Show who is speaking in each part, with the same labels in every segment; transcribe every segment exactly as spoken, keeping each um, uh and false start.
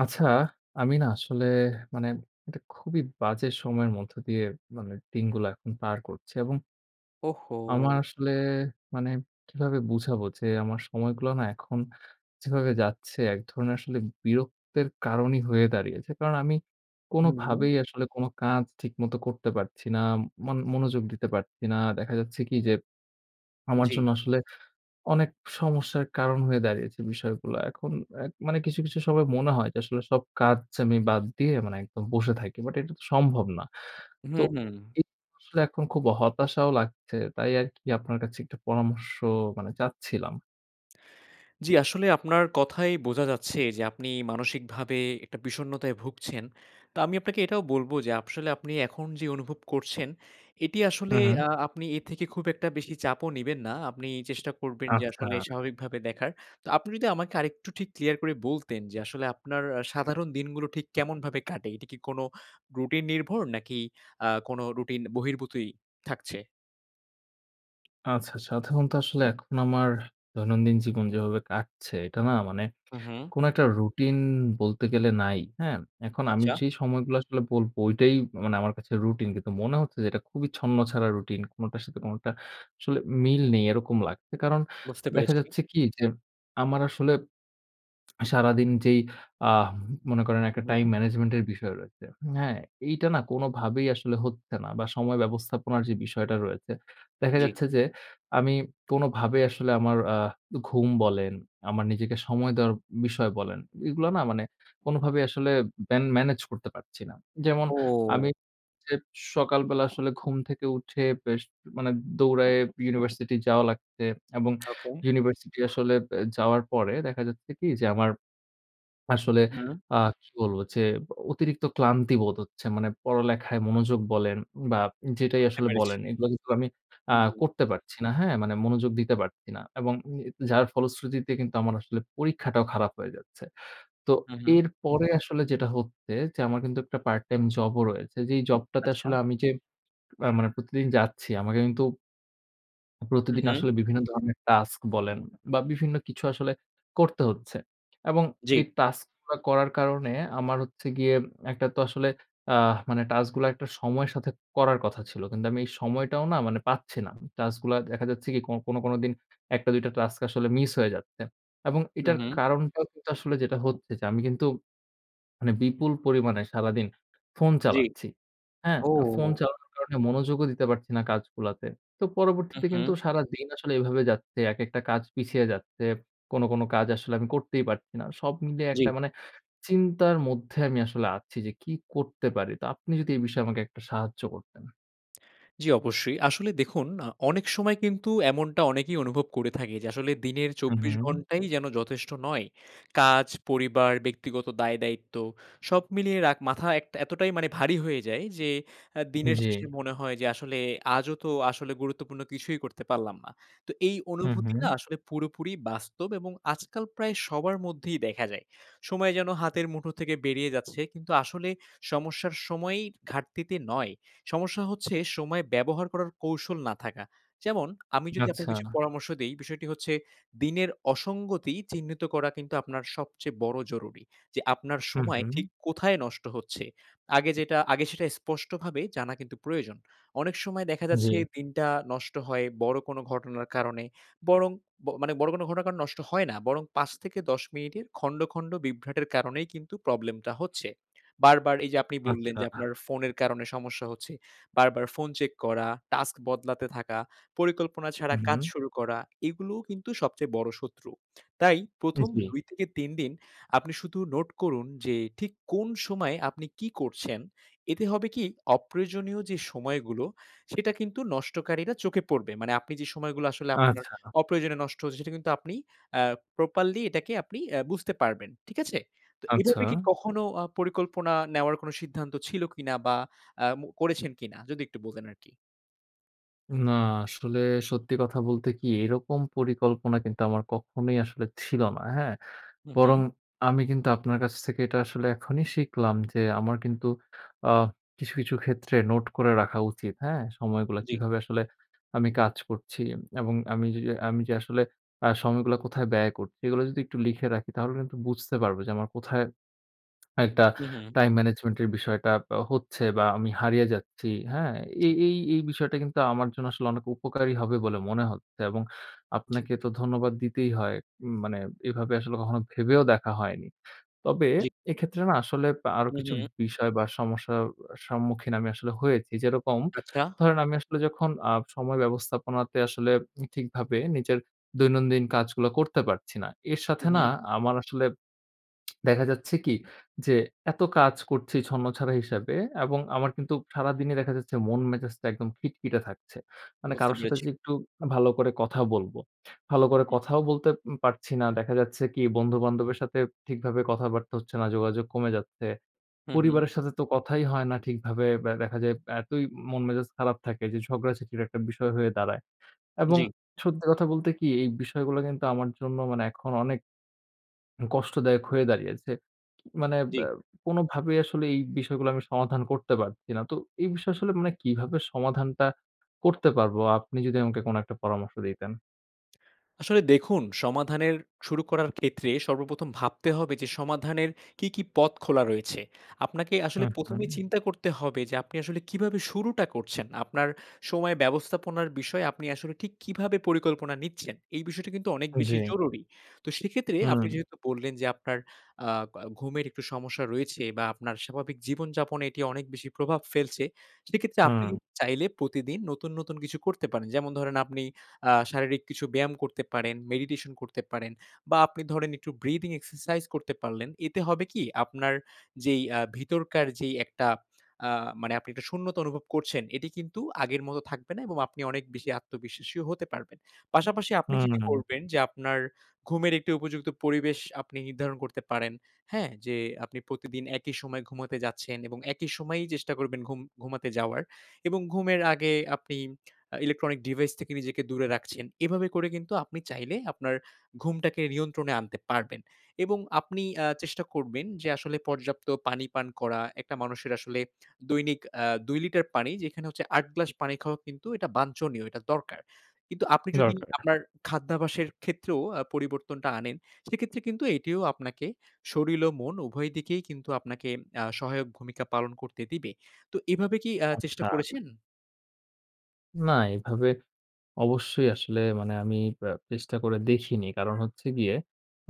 Speaker 1: আচ্ছা, আমি না আসলে মানে এটা খুবই বাজে সময়ের মধ্যে দিয়ে মানে দিনগুলা এখন পার করছি এবং
Speaker 2: ওহ হো!
Speaker 1: আমার আসলে মানে কীভাবে বুঝাবো যে আমার সময়গুলো না এখন যেভাবে যাচ্ছে এক ধরণের আসলে বিরক্তের কারণই হয়ে দাঁড়িয়েছে। কারণ আমি
Speaker 2: হুম।
Speaker 1: কোনভাবেই আসলে কোনো কাজ ঠিকমতো করতে পারছি না, মানে মনো মনোযোগ দিতে পারছি না, দেখা যাচ্ছে কী যে, আমার
Speaker 2: জি।
Speaker 1: জন্য আসলে অনেক সমস্যার কারণ হয়ে দাঁড়িয়েছে বিষয়গুলা এখন অ্যা মানে কিছু, কিছু সময় মনে হয় যে আসলে সব কাজ আমি বাদ দিয়ে মানে একদম বসে থাকি। বাট এটা তো সম্ভব না।
Speaker 2: উহু,
Speaker 1: তো
Speaker 2: হুম।
Speaker 1: এই আসলে এখন খুব হতাশাও লাগছে তাই আরকি আপনার কাছে একটা পরামর্শ মানে চাচ্ছিলাম।
Speaker 2: জি, আসলে আপনার কথায় বোঝা যাচ্ছে যে আপনি মানসিকভাবে একটা বিষণ্ণতায় ভুগছেন। তো আমি আপনাকে এটাও বলব যে আসলে আপনি এখন যে অনুভব করছেন, এটি আসলে
Speaker 1: হুম, হুম।
Speaker 2: আ আপনি এর থেকে খুব একটা বেশি চাপও নিবেন না। আপনি চেষ্টা করবেন যে
Speaker 1: আচ্ছা।
Speaker 2: আসলে স্বাভাবিকভাবে দেখার। তো আপনি যদি আমাকে আরেকটু ঠিক ক্লিয়ার করে বলতেন যে, আসলে আপনার সাধারণ দিনগুলো ঠিক কেমনভাবে কাটে? এটা কী কোনো রুটিন নির্ভর নাকি আ কোনো রুটিন বহির্ভূতই থাকছে?
Speaker 1: আচ্ছা, আচ্ছা। সাধারণতো আসলে এখন আমার দৈনন্দিন জীবন যেভাবে কাটছে এটা না মানে
Speaker 2: হু, হু।
Speaker 1: কোন একটা রুটিন বলতে গেলে নাই। হ্যাঁ? এখন আমি
Speaker 2: আচ্ছা।
Speaker 1: যে সময়গুলো আসলে বলব ঐটাই মানে আমার কাছে রুটিন। কিন্তু মনে হচ্ছে যে এটা খুবই ছন্ন ছাড়া রুটিন কোনটার সাথে কোনটা আসলে মিল নেই এরকম লাগছে। কারণ
Speaker 2: বুঝতে
Speaker 1: দেখা
Speaker 2: পেরেছি।
Speaker 1: যাচ্ছে কি যে আমার আসলে সারাদিন যেই আ মনে করেন একটা টাইম
Speaker 2: হুম।
Speaker 1: ম্যানেজমেন্ট এর বিষয় রয়েছে। হ্যাঁ? এইটা না কোনভাবেই আসলে হচ্ছে না বা সময় ব্যবস্থাপনার যে বিষয়টা রয়েছে। দেখা
Speaker 2: জি।
Speaker 1: যাচ্ছে যে আমি কোনভাবেই আসলে আমার আ ঘুম বলেন, আমার নিজেকে সময় দেওয়ার বিষয় বলেন। এগুলো না মানে কোনভাবেই আসলে মেন মেনেজ করতে পারছি না। যেমন আমি
Speaker 2: ও!
Speaker 1: সকালবেলা আসলে ঘুম থেকে উঠে বেশ মানে দৌড়ায়ে ইউনিভার্সিটি যাওয়া লাগছে, এবং
Speaker 2: ওকে।
Speaker 1: ইউনিভার্সিটি আসলে এ যাওয়ার পরে দেখা যাচ্ছে কি যে আমার আসলে
Speaker 2: হুম।
Speaker 1: আ কি বলব যে অতিরিক্ত ক্লান্তি বোধ হচ্ছে। মানে পড়ালেখায় মনোযোগ বলেন বা যেটাই
Speaker 2: বুঝতে
Speaker 1: আসলে
Speaker 2: পেরেছি।
Speaker 1: বলেন এগুলো কিন্তু আমি আ
Speaker 2: হুম হু।
Speaker 1: করতে পারছি না। হ্যাঁ? মানে মনোযোগ দিতে পারছি না এবং যার ফলশ্রুতিতে কিন্তু আমার আসলে পরীক্ষাটাও খারাপ হয়ে যাচ্ছে। তো
Speaker 2: হু, হু।
Speaker 1: এরপরে আসলে যেটা হচ্ছে যে আমার কিন্তু একটা পার্ট টাইম জব ও রয়েছে। যে এই জব টাতে
Speaker 2: আচ্ছা।
Speaker 1: আসলে আমি যে আ মানে প্রতিদিন যাচ্ছি আমাকে কিন্তু
Speaker 2: হুম
Speaker 1: প্রতিদিন
Speaker 2: হু।
Speaker 1: আসলে বিভিন্ন ধরনের টাস্ক বলেন, বা বিভিন্ন কিছু আসলে করতে হচ্ছে এবং
Speaker 2: জি।
Speaker 1: এই টাস্ক গুলা করার কারণে আমার হচ্ছে গিয়ে একটা তো আসলে আ মানে টাস্ক গুলা একটা সময়ের সাথে করার কথা ছিল। কিন্তু আমি এই সময়টাও না পাচ্ছি না। টাস্ক গুলা দেখা যাচ্ছে কি কো কোন, কোন দিন এক টা দুই টা টাস্ক আসলে মিস হয়ে যাচ্ছে এবং
Speaker 2: হু,
Speaker 1: এটার
Speaker 2: হু।
Speaker 1: কারণটাও কিন্তু আসলে যেটা হচ্ছে যে আমি কিন্তু মানে বিপুল পরিমাণে সারাদিন ফোন
Speaker 2: জি।
Speaker 1: চালাচ্ছি। হ্যাঁ? ফোন
Speaker 2: ও!
Speaker 1: চালানোর কারণে মনোযোগও দিতে পারছি না কাজ গুলাতে। তো
Speaker 2: হু,
Speaker 1: পরবর্তীতে কিন্তু
Speaker 2: হু।
Speaker 1: সারাদিন আসলে এভাবে যাচ্ছে। একেকটা কাজ পিছিয়ে যাচ্ছে। কোন, কোন কাজ আসলে আমি করতেই পারছি না। সব মিলিয়ে
Speaker 2: জি।
Speaker 1: একটা মানে চিন্তার মধ্যে আমি আসলে আছি যে কি করতে পারি? তো আপনি যদি এ বিষয়ে আমাকে সাহায্য করতেন।
Speaker 2: জ্বী অবশ্যই। আসলে দেখুন আ অনেক সময় কিন্তু এমনটা অনেকেই অনুভব করে থাকে, যে আসলে দিনের চব্বিশ
Speaker 1: উহু।
Speaker 2: ঘন্টাই যেন যথেষ্ট নয়। কাজ, পরিবার, ব্যক্তিগত দায়-দায়িত্ব সব মিলিয়ে রাক মাথা এক এতটাই মানে ভারী হয়ে যায় যে আ দিনের
Speaker 1: জ্বী।
Speaker 2: শেষে মনে হয় যে, আসলে আজও তো আসলে গুরুত্বপূর্ণ কিছুই করতে পারলাম না। তো এই
Speaker 1: হু,
Speaker 2: অনুভূতি না
Speaker 1: হু।
Speaker 2: আসলে পুরোপুরি বাস্তব এবং আজকাল প্রায় সবার মধ্যেই দেখা যায়। সময় যেন হাতের মুঠো থেকে বেরিয়ে যাচ্ছে। কিন্তু আসলে সমস্যার সময়ই ঘাটতিতে নয়। সমস্যা হচ্ছে সময় ব্যবহার করার কৌশল না থাকা। যেমন আমি যদি আপনাকে কিছু
Speaker 1: আচ্ছা।
Speaker 2: পরামর্শ দেই। বিষয়টি হচ্ছে দিনের অসঙ্গতি চিহ্নিত করা কিন্তু আপনার সবচেয়ে বড় জরুরি। যে আপনার
Speaker 1: হু,
Speaker 2: সময় ঠিক
Speaker 1: হু।
Speaker 2: কোথায় নষ্ট হচ্ছে। আগে যেটা, আগে সেটা স্পষ্টভাবে জানা কিন্তু প্রয়োজন। অনেক সময় দেখা যাচ্ছে
Speaker 1: জ্বী।
Speaker 2: দিনটা নষ্ট হয় বড় কোন ঘটনার কারণে। বরং, মানে বড় কোন ঘটনা কারণ নষ্ট হয় না। বরং, পাঁচ থেকে দশ মিনিটের খন্ড, খন্ড, বিভ্রাটের কারণেই কিন্তু প্রবলেম টা হচ্ছে। বারবার এই যে আপনি বললেন যে
Speaker 1: আচ্ছা।
Speaker 2: আপনার ফোনের কারণে সমস্যা হচ্ছে। বারবার ফোন চেক করা, টাস্ক বদলাতে থাকা, পরিকল্পনা ছাড়া কাজ
Speaker 1: হুম।
Speaker 2: শুরু করা এগুলোও কিন্তু সবচেয়ে বড় শত্রু। তাই
Speaker 1: উ
Speaker 2: প্রথম
Speaker 1: জ্বী।
Speaker 2: দুই থেকে তিন দিন আপনি শুধু নোট করুন যে ঠিক কোন সময় আপনি কি করছেন, এতে হবে কি অপ্রয়োজনীয় যে সময়গুলো সেটা কিন্তু নষ্টকারীরা চোখে পড়বে। মানে আপনি যে সময়গুলো আসলে আপনার
Speaker 1: আচ্ছা।
Speaker 2: অপ্রয়োজনে নষ্ট হচ্ছে সেটা কিন্তু আপনি অ্যা প্রপারলি এটাকে আপনি এ্যা বুঝতে পারবেন। ঠিক আছে? তো
Speaker 1: আচ্ছা।
Speaker 2: এভাবে কি কখনো আ পরিকল্পনা নেওয়ার কোন সিদ্ধান্ত ছিল কিনা বা আ মু করেছেন কিনা? যদি একটু বলতেন আরকি।
Speaker 1: না আসলে সত্যি কথা বলতে কি এরকম পরিকল্পনা কিন্তু আমার কখনোই আসলে ছিল না। হ্যাঁ?
Speaker 2: হু,
Speaker 1: বরং
Speaker 2: হু।
Speaker 1: আমি কিন্তু আপনার কাছ থেকে এটা আসলে এখনই শিখলাম যে আমার কিন্তু আ কিছু, কিছু ক্ষেত্রে নোট করে রাখা উচিত। হ্যাঁ? সময়গুলা
Speaker 2: জি।
Speaker 1: কিভাবে আসলে আমি কাজ করছি এবং আমি আমি যে আসলে আ সময়গুলা কোথায় ব্যয় করছি এগুলো যদি একটু লিখে রাখি তাহলে কিন্তু বুঝতে পারবো যে আমার কোথায় একটা
Speaker 2: হু, হু।
Speaker 1: টাইম ম্যানেজমেন্ট এর বিষয়টা হচ্ছে বা আমি হারিয়ে যাচ্ছি। হ্যাঁ? এই
Speaker 2: জি।
Speaker 1: এই এই বিষয়টা কিন্তু আমার জন্য আসলে অনেক উপকারী হবে বলে মনে হচ্ছে এবং
Speaker 2: জি।
Speaker 1: আপনাকে তো ধন্যবাদ দিতেই হয়। উম মানে এভাবে আসলে কখনো ভেবেও দেখা হয়নি। তবে
Speaker 2: জি।
Speaker 1: এক্ষেত্রে না আসলে আরো
Speaker 2: হু,
Speaker 1: কিছু
Speaker 2: হু।
Speaker 1: বিষয় বা সমস্যার সম্মুখীন আমি আসলে হয়েছি। যেরকম
Speaker 2: আচ্ছা।
Speaker 1: ধরেন আমি আসলে যখন আ সময় ব্যবস্থাপনাতে আসলে ঠিকভাবে নিজের দৈনন্দিন কাজগুলো করতে পারছি না। এর সাথে
Speaker 2: হু,
Speaker 1: না
Speaker 2: হু।
Speaker 1: আমার আসলে দেখা যাচ্ছে কি? যে এত কাজ করছি ছন্নছাড়া হিসাবে এবং আমার কিন্তু সারাদিনই দেখা যাচ্ছে মন মেজাজটা একদম খিটখিটে থাকছে। মানে
Speaker 2: বুঝতে
Speaker 1: কারো সাথে
Speaker 2: পেরেছি।
Speaker 1: যে একটু ভালো করে কথা বলব। ভালো
Speaker 2: হু,
Speaker 1: করে
Speaker 2: হু।
Speaker 1: কথাও বলতে পারছি না। দেখা যাচ্ছে কি বন্ধু-বান্ধবের সাথে ঠিকভাবে কথাবার্তা হচ্ছে না, যোগাযোগ কমে যাচ্ছে।
Speaker 2: হু, হু।
Speaker 1: পরিবারের সাথে তো কথাই হয় না ঠিকভাবে দেখা যায় এতই মন মেজাজ খারাপ থাকে যে ঝগড়াঝাটির একটা বিষয় হয়ে দাঁড়ায় এবং
Speaker 2: জি।
Speaker 1: সত্যি কথা বলতে কি এই বিষয়গুলো কিন্তু আমার জন্য মানে এখন অনেক কষ্টদায়ক হয়ে দাঁড়িয়েছে। মানে
Speaker 2: জি।
Speaker 1: অ্যা কোনভাবেই আসলে এই বিষয়গুলো আমি সমাধান করতে পারছি না। তো এই বিষয়ে আসলে মানে কিভাবে সমাধানটা করতে পারব? আপনি যদি আমাকে কোন একটা পরামর্শ দিতেন।
Speaker 2: আসলে দেখুন সমাধানের শুরু করার ক্ষেত্রে সর্বপ্রথম ভাবতে হবে যে সমাধানের কি, কি পথ খোলা রয়েছে? আপনাকে
Speaker 1: হু,
Speaker 2: আসলে প্রথম
Speaker 1: হুম।
Speaker 2: এই চিন্তা করতে হবে যে, আপনি আসলে কিভাবে শুরুটা করছেন? আপনার সময় ব্যবস্থাপনার বিষয়ে আপনি আসলে ঠিক কিভাবে পরিকল্পনা নিচ্ছেন? এই বিষয়টা কিন্তু অনেক বেশি
Speaker 1: জ্বী।
Speaker 2: জরুরি। তো সেক্ষেত্রে আপনি
Speaker 1: হুম।
Speaker 2: যেহেতু বললেন যে আপনার আ ক ঘুমের একটু সমস্যা রয়েছে বা আপনার স্বাভাবিক জীবনযাপনে এটি অনেক বেশি প্রভাব ফেলছে, সেক্ষেত্রে আপনি
Speaker 1: হুম।
Speaker 2: কিন্তু চাইলে প্রতিদিন নতুন, নতুন কিছু করতে পারেন। যেমন ধরেন আপনি আ শারীরিক কিছু ব্যায়াম করতে পারেন, মেডিটেশন করতে পারেন বা আপনি ধরেন একটু ব্রিথিং এক্সারসাইজ করতে পারলেন, এতে হবে কি, আপনার যেই আ ভিতরকার যেই একটা আ মানে আপনি একটা শূন্যতা অনুভব করছেন, এটি কিন্তু আগের মতো থাকবে না এবং আপনি অনেক বেশি আত্মবিশ্বাসী হতে পারবেন। পাশাপাশি আপনি
Speaker 1: হুম,
Speaker 2: যেটি
Speaker 1: উম।
Speaker 2: করবেন যে, আপনার ঘুমের একটি উপযুক্ত পরিবেশ আপনি নির্ধারণ করতে পারেন। হ্যাঁ, যে আপনি প্রতিদিন একই সময়ে ঘুমাতে যাচ্ছেন এবং একই সময়েই চেষ্টা করবেন ঘুম ঘুমাতে যাওয়ার এবং ঘুমের আগে আপনি ইলেকট্রনিক ডিভাইস থেকে নিজেকে দূরে রাখছেন। এভাবে করে কিন্তু আপনি চাইলে আপনার ঘুমটাকে নিয়ন্ত্রণে আনতে পারবেন। এবং আপনি আ চেষ্টা করবেন যে আসলে পর্যাপ্ত পানি পান করা, একটা মানুষের আসলে দৈনিক আ দুই লিটার পানি যেখানে হচ্ছে আট গ্লাস পানি খাওয়া কিন্তু এটা বাঞ্ছনীয়, এটা দরকার। কিন্তু আপনি যদি
Speaker 1: দরকার।
Speaker 2: আপনার খাদ্যাভ্যাসের ক্ষেত্রেও আ পরিবর্তনটা আনেন, সেক্ষেত্রে কিন্তু এটিও আপনাকে শরীল ও মন উভয় দিকেই কিন্তু আপনাকে আ সহায়ক ভূমিকা পালন করতে দিবে। তো এভাবে কি আ চেষ্টা
Speaker 1: আচ্ছা।
Speaker 2: করেছেন?
Speaker 1: না, এভাবে অবশ্যই আসলে মানে আমি আ চেষ্টা করে দেখিনি। কারণ হচ্ছে গিয়ে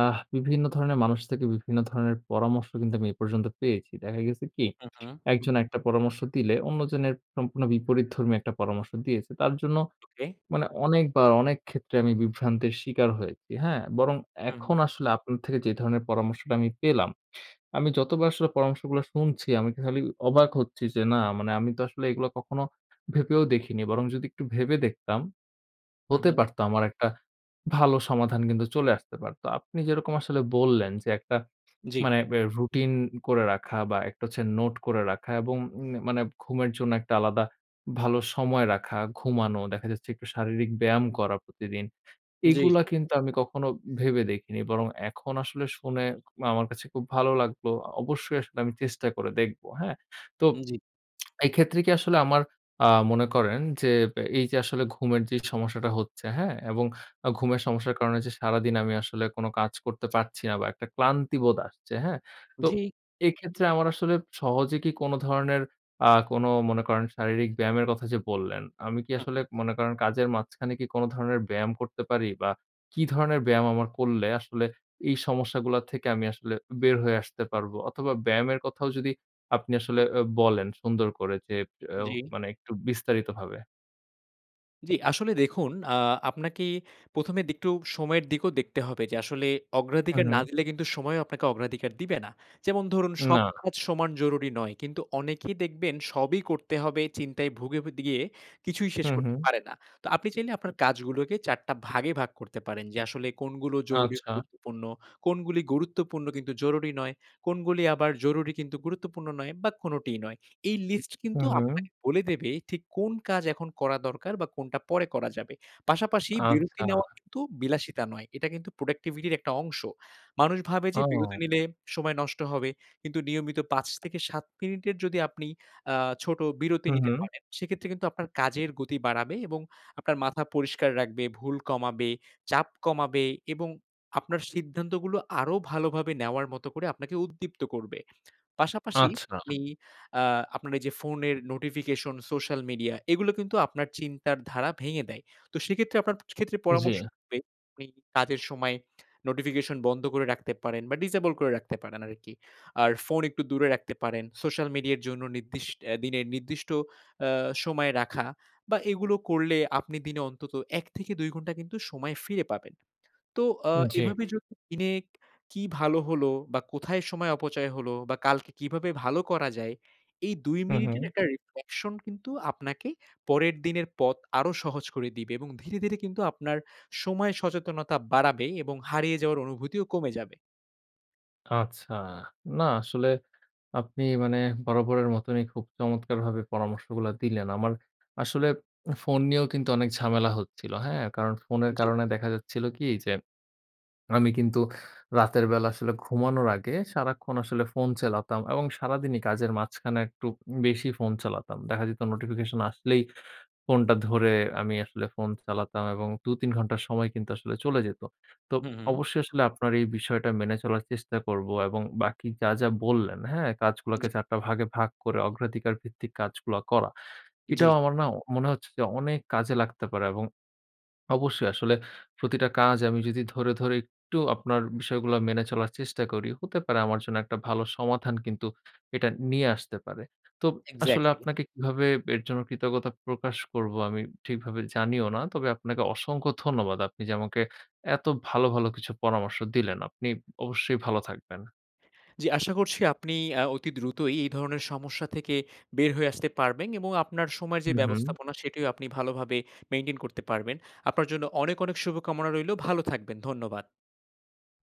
Speaker 1: আহ বিভিন্ন ধরনের মানুষ থেকে বিভিন্ন ধরনের পরামর্শ কিন্তু আমি এ পর্যন্ত পেয়েছি। দেখা গেছে কি,
Speaker 2: হু, হু।
Speaker 1: একজন একটা পরামর্শ দিলে, অন্যজনের সম্পূর্ণ বিপরীত ধর্মীয় একটা পরামর্শ দিয়েছে। তার জন্য
Speaker 2: ওকে।
Speaker 1: মানে অনেকবার, অনেক ক্ষেত্রে আমি বিভ্রান্তের শিকার হয়েছি। হ্যাঁ? বরং
Speaker 2: হুম, হু।
Speaker 1: এখন আসলে আপনার থেকে যে ধরনের পরামর্শটা আমি পেলাম, আমি যতবার আসলে পরামর্শগুলা শুনছি, আমি খালি অবাক হচ্ছি যে, না মানে আমি তো আসলে এগুলো কখনো ভেবেও দেখিনি। বরং যদি একটু ভেবে দেখতাম,
Speaker 2: হু,
Speaker 1: হতে
Speaker 2: হু।
Speaker 1: পারতো, আমার একটা ভালো সমাধান কিন্তু চলে আসতে পারত। আপনি যেরকম আসলে বললেন যে একটা
Speaker 2: জি।
Speaker 1: মানে এ রুটিন করে রাখা, বা একটা হচ্ছে নোট করে রাখা, এবং উম মানে ঘুমের জন্য একটা আলাদা ভালো সময় রাখা, ঘুমানো, দেখা যাচ্ছে একটু শারীরিক ব্যায়াম করা প্রতিদিন।
Speaker 2: জি।
Speaker 1: এগুলা কিন্তু আমি কখনো ভেবে দেখিনি। বরং এখন আসলে শুনে আমার কাছে খুব ভালো লাগল। অবশ্যই আসলে আমি চেষ্টা করে দেখব। হ্যাঁ? তো
Speaker 2: জি।
Speaker 1: এক্ষেত্রে কি আসলে আমার আ মনে করেন যে, এই যে আসলে ঘুমের যে সমস্যাটা হচ্ছে, হ্যাঁ? এবং ঘুমের সমস্যার কারণে যে সারাদিন আমি আসলে কোন কাজ করতে পারছি না, বা একটা ক্লান্তি বোধ আসছে, হ্যাঁ? তো
Speaker 2: জি।
Speaker 1: এক্ষেত্রে আমার আসলে সহজে কি কোন ধরনের, আ কোনো মনে করেন শারীরিক ব্যায়ামের কথা যে বললেন, আমি কি
Speaker 2: হু,
Speaker 1: আসলে
Speaker 2: হু।
Speaker 1: মনে করেন কাজের মাঝখানে কি কোন ধরনের ব্যায়াম করতে পারি? বা কি ধরনের ব্যায়াম আমার করলে আসলে এই সমস্যাগুলো থেকে আমি আসলে বের হয়ে আসতে পারবো, অথবা ব্যায়ামের কথাও যদি আপনি
Speaker 2: হু,
Speaker 1: আসলে আ
Speaker 2: হু।
Speaker 1: বলেন সুন্দর করে, যে আ
Speaker 2: জি।
Speaker 1: মানে একটু বিস্তারিতভাবে।
Speaker 2: জি, আসলে দেখুন আ আপনাকে প্রথম এ একটু সময়ের দিকেও দেখতে হবে যে আসলে অগ্রাধিকার না
Speaker 1: হুম।
Speaker 2: দিলে কিন্তু সময়ও আপনাকে অগ্রাধিকার দিবে না। যেমন ধরুন, সব
Speaker 1: না।
Speaker 2: কাজ সমান জরুরি নয়, কিন্তু অনেকেই দেখবেন সবই করতে হবে, চিন্তায় ভুগে, বেদগিয়ে কিছুই শেষ
Speaker 1: হুম,
Speaker 2: করতে
Speaker 1: হুম।
Speaker 2: পারে না। তো আপনি চাইলে আপনার কাজগুলোকে চারটা ভাগে ভাগ করতে পারেন যে আসলে কোনগুলো জরুরি
Speaker 1: আচ্ছা।
Speaker 2: গুরুত্বপূর্ণ, কোনগুলি গুরুত্বপূর্ণ কিন্তু জরুরি নয়, কোনগুলি আবার জরুরি গুরুত্বপূর্ণ নয় বা কোনটিই নয়। এই লিস্ট কিন্তু
Speaker 1: হুম, হুম।
Speaker 2: আপনাকে বলে দেবে ঠিক কোন কাজ এখন করা দরকার বা কোনটা পরে করা যাবে। পাশাপাশি বিরতি
Speaker 1: আচ্ছা।
Speaker 2: নেওয়া কিন্তু বিলাসিতা নয়, এটা কিন্তু প্রোডাক্টিভিটির একটা অংশ। মানুষ ভাবে যে বিরতি
Speaker 1: ওহ!
Speaker 2: নিলে সময় নষ্ট হবে, কিন্তু নিয়মিত পাঁচ থেকে সাত মিনিটের যদি আপনি আ ছোট বিরতি
Speaker 1: হুম,
Speaker 2: নিতে
Speaker 1: হুম।
Speaker 2: পারেন, সেক্ষেত্রে কিন্তু আপনার কাজের গতি বাড়াবে এবং আপনার মাথা পরিষ্কার রাখবে, ভুল কমাবে, চাপ কমাবে এবং আপনার সিদ্ধান্তগুলো আরো ভালোভাবে নেওয়ার মতো করে আপনাকে উদ্দীপ্ত করবে। পাশাপাশি
Speaker 1: আচ্ছা।
Speaker 2: আপনি আ আপনার এই যে ফোনের নোটিফিকেশন, সোশ্যাল মিডিয়া, এগুলো কিন্তু আপনার চিন্তার ধারা ভেঙে দেয়। তো সেক্ষেত্রে আপনার ক্ষেত্রে পরামর্শ
Speaker 1: জি।
Speaker 2: হবে আপনি কাজের সময় নোটিফিকেশন বন্ধ করে রাখতে পারেন বা ডিসেবল করে রাখতে পারেন আরকি। আর ফোন একটু দূরে রাখতে পারেন। সোশ্যাল মিডিয়ার জন্য নির্দিষ এ দিনে নির্দিষ্ট আ সময় রাখা বা এগুলো করলে আপনি দিনে অন্তত এক থেকে দুই ঘন্টা কিন্তু সময় ফিরে পাবেন। তো আ
Speaker 1: জি।
Speaker 2: এভাবে যদি দিনে কী ভালো হলো? বা কোথায় সময় অপচয় হলো? বা কালকে কীভাবে ভালো করা যায়? এই দুই
Speaker 1: হুম,
Speaker 2: মিনিটের
Speaker 1: হুম।
Speaker 2: একটা রিফ্লেকশন কিন্তু আপনাকে পরের দিনের পথ আরও সহজ করে দিবে এবং ধীরে, ধীরে কিন্তু আপনার সময় সচেতনতা বাড়াবে এবং হারিয়ে যাওয়ার অনুভূতিও কমে যাবে।
Speaker 1: আচ্ছা। না আসলে আপনি মানে বরাবরের মতনই খুব চমৎকার ভাবে পরামর্শগুলা দিলেন। আমার আসলে উ ফোন নিয়েও কিন্তু অনেক ঝামেলা হচ্ছিল। হ্যাঁ কারণ ফোনের
Speaker 2: জি।
Speaker 1: কারণে দেখা যাচ্ছিল কি যে আমি কিন্তু রাতের বেলা আসলে ঘুমানোর আগে সারাক্ষণ আসলে ফোন চালাতাম এবং সারাদিনই কাজের মাঝখানে একটু বেশি ফোন চালাতাম। দেখা যেত নোটিফিকেশন আসলেই ফোনটা ধরে আমি আসলে ফোন চালাতাম এবং দু, তিন ঘন্টা সময় কিন্তু আসলে চলে যেত। তো
Speaker 2: হুম, হু।
Speaker 1: অবশ্যই আসলে আপনার এই বিষয়টা মেনে চলার চেষ্টা করব এবং বাকি যা, যা বললেন, হ্যাঁ কাজগুলাকে
Speaker 2: জি।
Speaker 1: চার টা ভাগে ভাগ করে অগ্রাধিকার ভিত্তিক কাজগুলা করা। এটাও
Speaker 2: জি।
Speaker 1: আমার না মনে হচ্ছে যে অনেক কাজে লাগতে পারে এবং অবশ্যই আসলে প্রতিটা কাজ আমি যদি ধরে, ধরে একটু আপনার বিষয়গুলা মেনে চলার চেষ্টা করি, হতে পারে আমার জন্য একটা ভালো সমাধান কিন্তু এটা নিয়ে আসতে পারে। তো আসলে
Speaker 2: এক্সাক্টলি।
Speaker 1: আপনাকে কিভাবে এর জন্য কৃতজ্ঞতা প্রকাশ করবো আমি ঠিকভাবে জানিও না। তবে আপনাকে অসংখ্য ধন্যবাদ। আপনি যে আমাকে এত ভালো, ভালো কিছু পরামর্শ দিলেন। আপনি অবশ্যই ভালো থাকবেন।
Speaker 2: জি আশা করছি আপনি আ অতি দ্রুতই এই ধরনের সমস্যা থেকে বের হয়ে আসতে পারবেন এবং আপনার সময়ের যে
Speaker 1: হুম, হু।
Speaker 2: ব্যবস্থাপনা সেটিও আপনি ভালোভাবে মেইনটেইন করতে পারবেন। আপনার জন্য অনেক, অনেক শুভকামনা রইলো। ভালো থাকবেন। ধন্যবাদ।